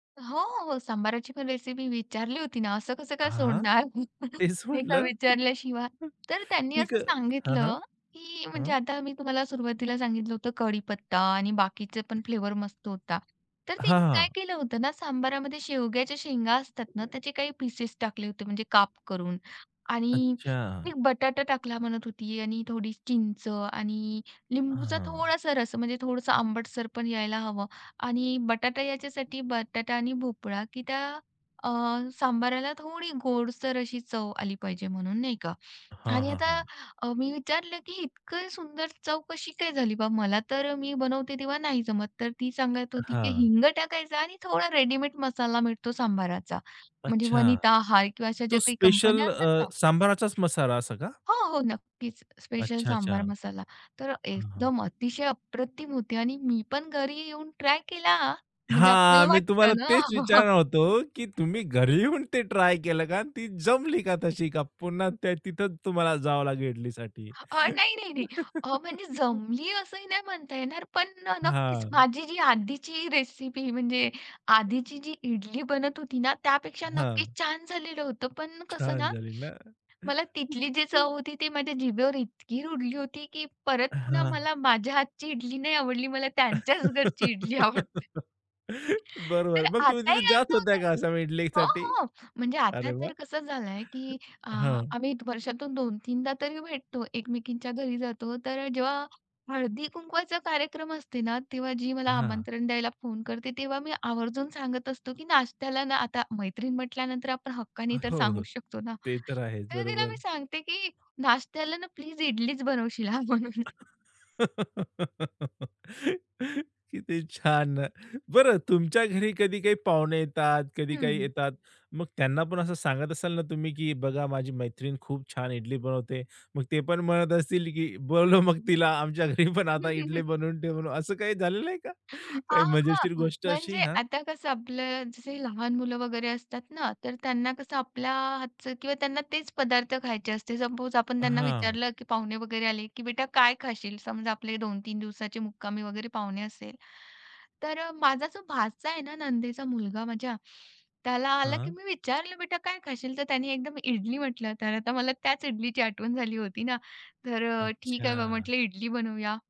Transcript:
हो, हो. सांभाराची पण रेसिपी विचारली होती ना, असं कसं काय हां. सोडणार, तेच ते का म्हटलं विचारल्याशिवाय. तर त्यांनी आणि असं क हां, हां. सांगितलं, की म्हणजे हं. आता मी तुम्हाला सुरुवातीला सांगितलं होतं कडीपत्ता आणि बाकीचे पण फ्लेवर मस्त होता. तर हां, तिने काय हां. केलं होतं ना, सांबारामध्ये शेवग्याच्या शेंगा असतात ना, त्याचे [unintelligible] काही पीसेस टाकले होते म्हणजे काप करून आणि अच्छा. ती बटाटा टाकला म्हणत होती आणि थोडी चिंच आणि लिंबूचा हां. थोडंसं रस, म्हणजे थोडंसं आंबटसर पण यायला हवं आणि बटाटा याच्यासाठी बटाटा आणि भोपळा की त्या, अ, सांभाराला थोडी गोडसर अशी चव आली पाहिजे म्हणून नाही का. हां, आणि हां, आता हां. अ, मी विचारलं की इतकं सुंदर चव कशी काय झाली बा. मला तर मी बनवते तेव्हा नाही जमत. तर ती सांगत होती की हां. "हिंग टाकायचं आणि थोडा रेडीमेड मसाला मिळतो सांभाराचा." म्हणजे अच्छा. वनिता आहे किंवा अशा ज्या तो काही कंपन्या स्पेशल असतात अ, ना सांभाराचाच मसाला असं का? हो, हो. नक्कीच. स स्पेशल अच्छा, अच्छा. सांबार मसाला. तर हां, हां. एकदम अतिशय अप्रतिम होती. आणि मी पण घरी येऊन ट्राय केला, म्हणजे हां. आपल्याला मी तुम्हाला वाटतं ना. तेच विचारणार होतो, की तुम्ही घरी येऊन ते ट्राय केलं का आणि ती जमली का तशी का पुन्हा ते तिथेच तुम्हाला जावं लागेल इडलीसाठी? अ, नाही, नाही, नाही. अ, म्हणजे जमली असंही नाही म्हणता येणार, पण अ, नक्कीच हां. माझी जी आधीची रेसिपी म्हणजे हं. आधीची जी इडली बनत होती ना, त्यापेक्षा हां. नक्कीच छान झालेलं होतं, पण कसं छान ना, झाली ना. मला तिथली जी चव होती ती माझ्या जिभेवर इतकी रुळली होती की परत पुन्हा हां. मला माझ्या हातची इडली नाही आवडली. मला त्यांच्याच घरची इडली आवडते. तर बरोबर. मग तुम्ही आताही तिथे जात असं होता होतं का असं हो, ईडलीसाठी? हो. म्हणजे अरे आता वाह! तर कसं झालंय, की अ, हं. आम्ही वर्षातून 2 तीनदा तरी भेटतो एकमेकींच्या घरी जातो, तर जेव्हा हळदी कुंकवाचा कार्यक्रम असते ना, तेव्हा जी मला हां. आमंत्रण द्यायला फोन करते, तेव्हा मी आवर्जून सांगत असतो, की नाश्त्याला ना आता मैत्रीण म्हंटल्यानंतर आपण हक्काने तर हो, सांगू हो. शकतो ना, ते तर आहेच तर तिला मी बरोबर. सांगते की नाश्त्याला ना प्लीज इडलीच बनवशील हां म्हणून. किती छान. बरं तुमच्या घरी कधी काही पाहुणे येतात, कधी काही हं. येतात. मग त्यांना पण असं सांगत असाल ना तुम्ही, की "बघा माझी मैत्रीण खूप छान इडली बनवते." मग ते पण म्हणत असतील, की "बोलवा मग तिला आमच्या घरी पण आता इडली बनवून ठेवून." असं काही झालेलं आहे का, अ, काही हां, मजेशीर हां. गोष्ट अशी? म्हणजे हां. आता कसं आपलं जसं लहान मुलं वगैरे असतात ना, तर त्यांना कसं आपल्या हातचं किंवा त्यांना तेच पदार्थ खायचे असते. सपोज आपण त्यांना हां. विचारलं, की पाहुणे वगैरे आले की "बेटा काय खाशील?" समजा, आपले 2-3 दिवसाची मुक्कामी वगैरे पाहुणे असेल, तर अ, माझा जो भाचा आहे ना, नंदेचा मुलगा माझ्या, त्याला आलं की हां. मी विचारलं, "बेटा काय खाशील?' तर त्याने एकदम "इडली" म्हटलं, तर आता मला त्याच इडलीची आठवण झाली होती ना, तर अ, "ठीक आहे बा अच्छा. म्हंटलं इडली बनवूया."